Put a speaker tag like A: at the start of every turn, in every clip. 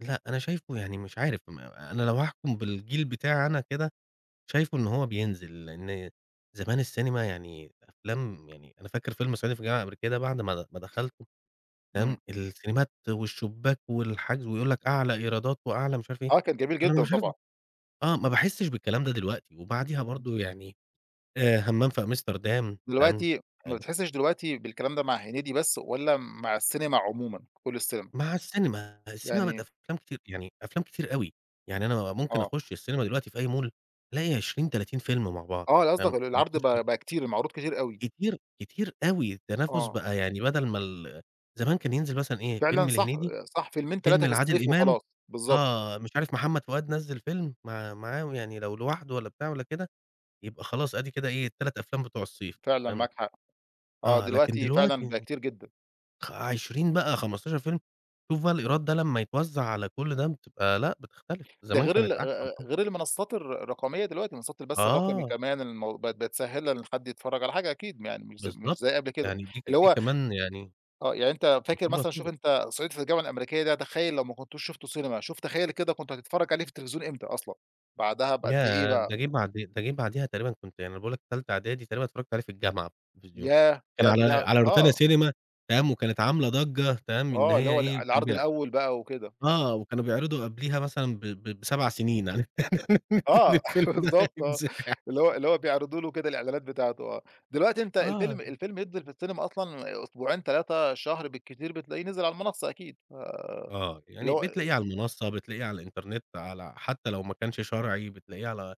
A: لأ أنا شايفه يعني مش عارف م أنا لو هاحكم بالجيل بتاعي أنا كده، شايفه إن هو بينزل، لأن زمان السينما يعني أفلام يعني أنا فاكر فيلم صعيدي في الجامعة الأمريكية ده بعد ما د ما دخلته، فاهم،
B: إمم.
A: السينمات والشباك والحجز ويقول لك أعلى إيرادات وأعلى مش عارف إيه.
B: آه، كان جميل
A: أنا
B: جدًا
A: مش عارف
B: طبعًا.
A: آه، ما باحسش بالكلام ده دلوقتي وبعديها
B: إمم.
A: برضه يعني آآ همام في أمستردام، تمام،
B: دلوقتي ما
A: [unintelligible]
B: بتحسش دلوقتي بالكلام ده مع هنيدي بس والّا مع السينما عمومًا، كُل السينما؟
A: مع السينما، السينما بقت
B: يعني
A: أفلام كتير يعني أفلام كتير أوي، يعني أنا ممكن
B: آه.
A: أخُش السينما دلوقتي في أي مول ألاقي 20، 30 فيلم مع بعض.
B: آه قصدك
A: فاهم،
B: ال العرض
A: [unintelligible]
B: بقى بقى كتير، المعروض كتير أوي.
A: كتير كتير أوي، التنافس
B: آه.
A: بقى يعني بدل ما ال زمان كان ينزل مثلًا إيه
B: فعلًا،
A: فيلم
B: صح
A: لهنيدي،
B: صح فيلمين
A: فيلم
B: 3 في
A: لعادل
B: الصيف
A: إمام،
B: وخلاص، بالضبط.
A: آه، مش عارف محمد فؤاد نزِّل فيلم مع معاهم يعني لو لوحده والّا بتاع والّا كده يبقى خلاص آدي كده إيه ال3 أفلام بتوع الصيف،
B: فعلًا
A: فاهم.
B: معاك حق. آه،
A: آه، لكن
B: دلوقتي فعلًا بقى
A: دلوقتي
B: كتير جدًا.
A: خ 20 بقى 15 فيلم، شوف بقى الإيراد ده لمّا يتوزع على كل ده بتبقى لأ بتختلف،
B: ده
A: زمان
B: غير ال
A: كانت أحسن طبعًا.
B: غير المنصات الر الرقمية دلوقتي، منصات البث الرقمي
A: آه.
B: كمان المو بقت بتسهل إن حد يتفرج على حاجة أكيد م يعني مش ز مش
A: بالضبط،
B: زي قبل كده.
A: يعني دي ك
B: اللي
A: دي
B: هو
A: كمان يعني
B: آه يعني أنت فاكر
A: دي
B: مثلًا شوف
A: الوسيلة.
B: أنت صعيدي في الجامعة الأمريكية ده تخيل لو ما كنتوش شفته سينما، شوف تخيل كده كنت هتتفرج عليه في التلفزيون إمتى أصلًا؟ بعدها بقد إيه
A: ياه!
B: بقى؟
A: ده جه بعد ده جه بعديها تقريبًا كنت يعني أنا باقول لك تالتة إعدادي تقريبًا اتفرجت عليه في الجامعة في التلفزيون،
B: ياه!
A: كان
B: يعني
A: على
B: [unintelligible]
A: على روتانا
B: آه.
A: سينما، تمام، وكانت عاملة ضجة، تمام، إن
B: آه، اللي
A: هي
B: هو الع
A: إيه كان
B: العرض
A: بي
B: الأول بقى وكده.
A: آه، وكانوا بيعرضوا قبليها مثلًا ب ب ب7 سنين عارف
B: آه،
A: الفيلم ده
B: بالضبط آه.
A: هيتذاع.
B: اللي هو اللي هو بيعرضوا له كده الإعلانات بتاعته، آه. دلوقتي أنت الفيلم
A: آه.
B: الفيلم ينزل في السينما أصلًا أسبوعين، 3، شهر بالكتير بتلاقيه نزل على المنصة أكيد، ف
A: آه،
B: اللي
A: يعني
B: هو
A: بتلاقيه على المنصة، بتلاقيه على الإنترنت على حتى لو ما كانش شرعي بتلاقيه على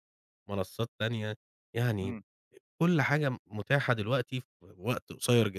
A: منصات تانية. يعني
B: إمم.
A: كُل حاجة م متاحة دلوقتي في وقت قصير جدًا.